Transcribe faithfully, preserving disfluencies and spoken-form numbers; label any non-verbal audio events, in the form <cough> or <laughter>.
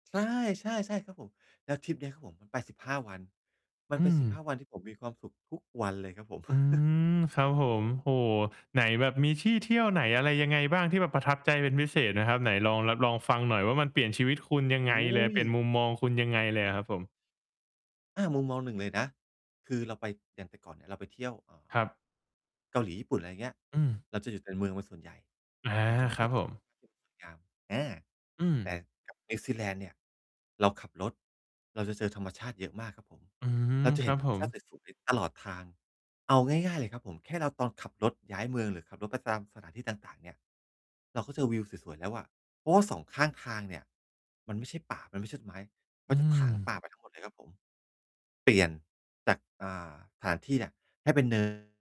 ใช่ ใช่ ใช่ครับผม แล้วทริปเนี้ยครับผม มัน ไป สิบห้า วัน มัอนเืป็น สิบห้า ม วันที่ผมมีความสุขทุกวันเลยครับผม อื<chuckles> ม ครับผม โอ้โฮ ไหน แบบมีที่เที่ยวไหนอะไรยังไงบ้าง? ที่แบบประทับใจเป็นพิเศษนะครับ ไหนลองแล็บ ลองฟังหน่อยว่า มันเปลี่ยนชีวิตคุณยังโอไง้เลย? โเปลี่ยนฮ มุมมองคุณยังไงเลยอะครับผม? อา มุมมองหนึ่งเลยนะ คือเราไป อย่างแต่ก่อนเนี่ยเราไปเที่ยว อ่ครา ับ เกาหลี ญี่ปุ่น ไรเงี้ย อืม เราจะอยู่แต่เมืองเป็นส่วนใหญ่ อา เราจะไม่ครค่ัอบย เจผอ ม <unintelligible> งาม อา อืแตม ่ กับ นิวซีแลนด์เนี่ย เราขับรถ เราจะเจอธรรมชาติเยอะมากครับผม อืม เราจะคเรห็ัน บธรผรมชม าติสวย ๆ ตลอดทาง เอาง่าย ๆ เลยครับผม แค่เรา ตอนขับรถย้ายเมืองหรือขับรถไปตามสถานที่ต่าง ๆ เนี่ย เราก็เจอวิวสวย ๆ แล้วอะ เพราะว่า สอง ข้างทางเนี่ย มันไม่ใช่ป่า มันไม่ใช่ต้นไม้ เขอืาจะถางปม ่าไปทั้งหมดเลยครับผม เปลี่ยนจาก อา สถานที่เนี่ย ให้เป็น เนิน